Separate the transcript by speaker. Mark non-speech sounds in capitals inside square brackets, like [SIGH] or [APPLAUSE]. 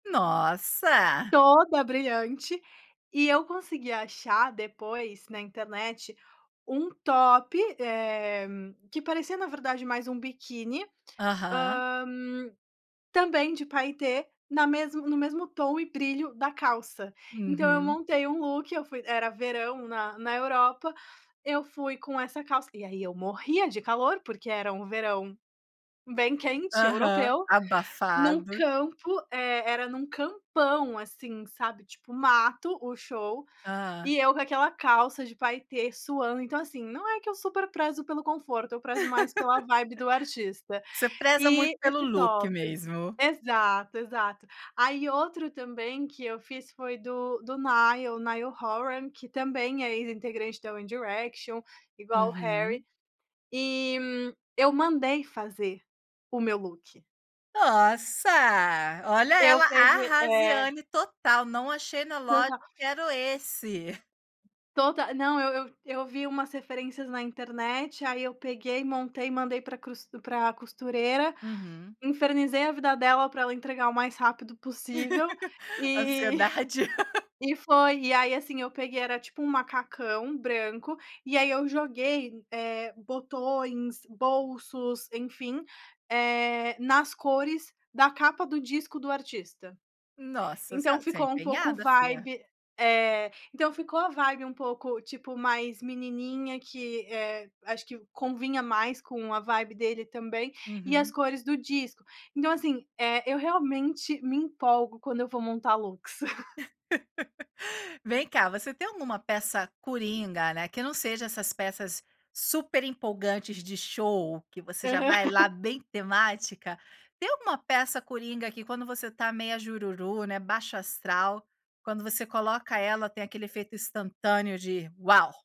Speaker 1: Nossa!
Speaker 2: Toda brilhante, e eu consegui achar depois na internet, um top, eh, que parecia na verdade mais um biquíni,
Speaker 1: Aham.
Speaker 2: hã, também de paetê, na mesmo no mesmo tom e brilho da calça. Então eu
Speaker 1: Uhum.
Speaker 2: montei um look, eu fui era verão na na Europa, eu fui com essa calça, e aí eu morria de calor, porque era um verão bem quente
Speaker 1: Aham,
Speaker 2: europeu, em um
Speaker 1: abafado.
Speaker 2: campo, eh, era em um campão, assim, sabe, tipo mato, o show,
Speaker 1: Hã.
Speaker 2: e eu com aquela calça de paetê, suando. Então assim, não é que eu super prezo pelo conforto, eu prezo mais pela vibe do
Speaker 1: [LAUGHS]
Speaker 2: artista.
Speaker 1: Você preza muito
Speaker 2: E
Speaker 1: pelo
Speaker 2: esse
Speaker 1: look
Speaker 2: top
Speaker 1: mesmo.
Speaker 2: exato, exato. Aí outro também que eu fiz, foi do do Niall, o Niall Horan, que também é ex-integrante da One Direction, igual o Harry.
Speaker 1: Uhum.
Speaker 2: E eu mandei fazer o meu look.
Speaker 1: Nossa, olha
Speaker 2: Eu
Speaker 1: ela
Speaker 2: peguei é.
Speaker 1: arrasiane total, "não achei na loja,
Speaker 2: Total.
Speaker 1: quero esse".
Speaker 2: Total. Não, eu eu eu vi umas referências na internet, aí eu peguei, montei e mandei para cruztu para costureira,
Speaker 1: Uhum.
Speaker 2: infernizei a vida dela para ela entregar o mais rápido possível,
Speaker 1: [LAUGHS]
Speaker 2: e
Speaker 1: Ansiedade.
Speaker 2: [CHUCKLES] e foi. E aí assim, eu peguei, era tipo um macacão branco, e aí eu joguei, eh, botões, bolsos, enfim, eh, nas cores da capa do disco do artista.
Speaker 1: Nossa, você
Speaker 2: Então
Speaker 1: é você é
Speaker 2: ficou um pouco
Speaker 1: empenhada, fia.
Speaker 2: vibe É, então ficou a vibe um pouco, tipo, mais menininha que, eh, acho que convinha mais com a vibe dele também, e as
Speaker 1: Uhum.
Speaker 2: cores do disco. Então assim, eh, eu realmente me empolgo quando eu vou montar looks. [LAUGHS]
Speaker 1: [LAUGHS] Vem cá, você tem alguma peça coringa, né, que não seja essas peças super empolgantes de show, que você já vai
Speaker 2: Aham.
Speaker 1: lá
Speaker 2: [LAUGHS]
Speaker 1: bem temática. Tem alguma peça coringa, que quando você está meia jururu, né, baixo-astral, quando você coloca ela, tem aquele efeito instantâneo de "Uau!"?